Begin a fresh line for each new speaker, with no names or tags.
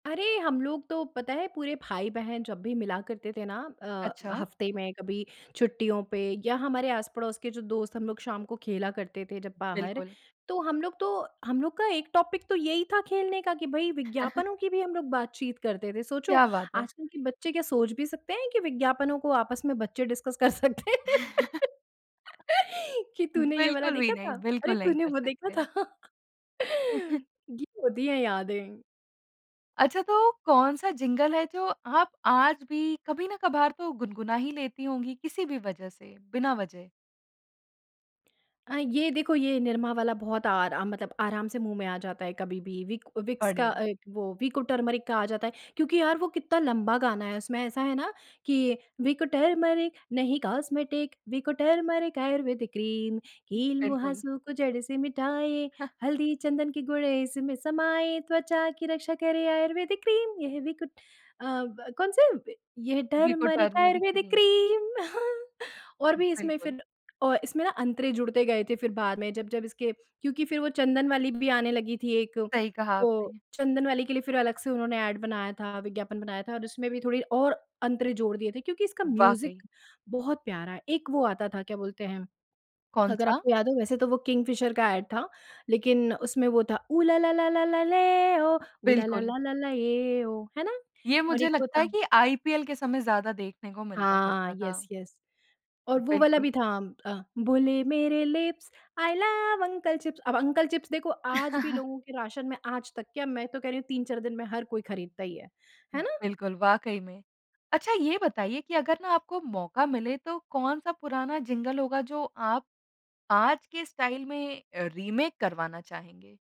अरे हम लोग तो पता है पूरे भाई-बहन जब भी मिला करते थे ना। अ,
अच्छा।
हफ्ते में कभी छुट्टियों पे या हमारे आस-पड़ोस के जो दोस्त हम लोग शाम को खेला करते थे जब बाहर।
बिल्कुल।
तो हम लोग तो हम लोग का 1 टॉपिक तो यही था खेलने का कि भई विज्ञापनों की भी हम लोग बातचीत करते थे। सोचो
क्या बात है।
आजकल के बच्चे क्या सोच भी सकते हैं कि विज्ञापनों को आपस में बच्चे डिस्कस कर सकते हैं कि तूने ये वाला
बिल्कुल भी
देखा
नहीं।
था? अरे
बिल्कुल नहीं
तूने
कर
वो देखा
सकते।
था। ये होती है यादें।
अच्छा, तो कौन-सा जिंगल है जो आप आज भी कभी ना कभार तो गुनगुना ही लेती होंगी, किसी भी वजह से बिना वजह।
अ, ये देखो ये निरमा वाला बहुत आरा मतलब आराम से मुँह में आ जाता है कभी-भी विक विक्स का
बढ़िया।
अ, वो विको टर्मरिक का आ जाता है क्योंकि यार वो कितना लंबा गाना है उसमें ऐसा है ना कि विको टर्मरिक नहीं cosmetic Vicco turmeric ayurvedic cream कील
बिल्कुल।
मुहासे को जड़ से मिटाए हल्दी चंदन के गुण इसमें समाए त्वचा की रक्षा करे आयुर्वेदिक क्रीम ये है विको। अ, ब कौन से ये
Vicco
turmeric
turmeric
ayurvedic
cream.
Cream और भी इसमें
बिल्कुल।
फ़िर अ, इसमें ना अंतरे जुड़ते गए थे फ़िर बाद में जब जब इसके क्योंकि फ़िर वो चंदन वाली भी आने लगी थी एक
सही कहा
वो
आपने।
चंदन वाली के लिए फ़िर अलग से उन्होंने एड बनाया था, विज्ञापन बनाया था और उसमें भी थोड़ी और अंतरे जोड़ दिए थे क्योंकि इसका
वाक़ई।
म्यूज़िक बहुत प्यारा है। एक वो आता था क्या बोलते हैं? अगर
कौन-सा?
आपको याद हो वैसे तो वो किंगफिशर का एड था, लेक़िन उसमें वो था ऊ ला ला ला ला ले ओ ऊ ला ला
बिल्कुल।
ला ला ये ओ है ना?
ये
और
मुझे
एक वो
लगता है
था।
कि आईपीएल के समय ज़्यादा देखने को मिलता
हाँ,
करता था।
येस येस और वो वाला
बिल्कुल।
भी था अ, बोले मेरे lips, I love uncle chips अब अंकल चिप्स देखो आज भी लोगों के राशन में आज तक क्या मैं तो कह रही हूँ 3-4 दिन में हर कोई ख़रीदता ही है। है ना?
बिल्कुल, वाक़ई में। अच्छा ये बताइए कि अगर ना आपको मौका मिले तो कौन-सा पुराना जिंगल होगा जो आप आज के स्टाइल में अ, रीमेक करवाना चाहेंगे?